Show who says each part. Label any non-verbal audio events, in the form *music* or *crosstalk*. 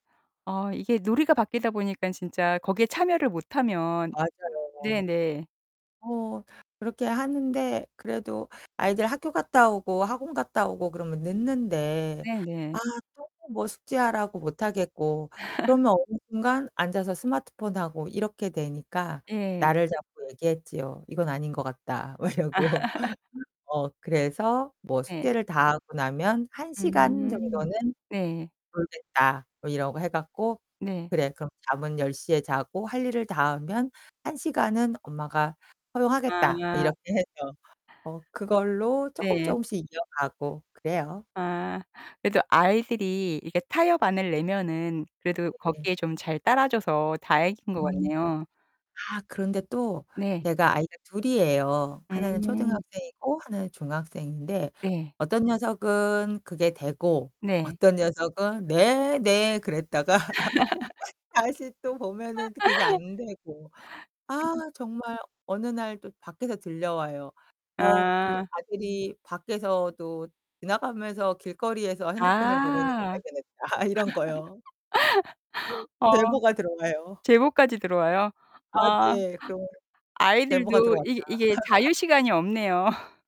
Speaker 1: 아. 이게 놀이가 바뀌다 보니까 진짜 거기에 참여를 못하면
Speaker 2: 맞아요.
Speaker 1: 네네.
Speaker 2: 어 그렇게 하는데 그래도 아이들 학교 갔다 오고 학원 갔다 오고 그러면 늦는데
Speaker 1: 네네.
Speaker 2: 아 또 뭐 숙제하라고 못하겠고.
Speaker 1: *laughs*
Speaker 2: 그러면 어느 순간 앉아서 스마트폰하고 이렇게 되니까
Speaker 1: 예.
Speaker 2: 날을 잡고 얘기했지요. "이건 아닌 것 같다." 막 이러고.
Speaker 1: *laughs*
Speaker 2: 어 그래서 뭐
Speaker 1: 네.
Speaker 2: "숙제를 다하고 나면 1 시간
Speaker 1: 음.
Speaker 2: 정도는
Speaker 1: 네.
Speaker 2: 놀겠다." 뭐 이러고 해 갖고.
Speaker 1: 네.
Speaker 2: "그래, 그럼 잠은 10 시에 자고 할 일을 다 하면 1 시간은 엄마가 허용하겠다." 뭐
Speaker 1: 아.
Speaker 2: 이렇게 해서. 어 그걸로 조금
Speaker 1: 네.
Speaker 2: 조금씩 이어가고 그래요.
Speaker 1: 아. 그래도 아이들이 이렇게 타협안을 내면은 그래도
Speaker 2: 네.
Speaker 1: 거기에 좀 잘 따라줘서 다행인 거
Speaker 2: 음.
Speaker 1: 같네요.
Speaker 2: 아 그런데 또
Speaker 1: 네.
Speaker 2: 제가 아이가 둘이에요. 하나는
Speaker 1: 음.
Speaker 2: 초등학생이고 하나는 중학생인데
Speaker 1: 네.
Speaker 2: 어떤 녀석은 그게 되고
Speaker 1: 네.
Speaker 2: 어떤 녀석은 "네 네." 그랬다가 *laughs*
Speaker 1: *laughs*
Speaker 2: 다시 또 보면은 그게 또
Speaker 1: *laughs*
Speaker 2: 안 되고. 아
Speaker 1: *unintelligible*
Speaker 2: 정말 어느 날 또 밖에서 들려와요. 어 그
Speaker 1: 아.
Speaker 2: 아들이 밖에서도 지나가면서 길거리에서 핸드폰을 보고 있는 걸
Speaker 1: 아.
Speaker 2: 발견했다. 이런 거요.
Speaker 1: *laughs* 어.
Speaker 2: 제보가 들어가요.
Speaker 1: 제보까지 들어와요?
Speaker 2: 아
Speaker 1: 와.
Speaker 2: 네. 그런 제보가
Speaker 1: 아이들도
Speaker 2: 들어왔다.
Speaker 1: 이 이게 자유
Speaker 2: *laughs*
Speaker 1: 시간이 없네요.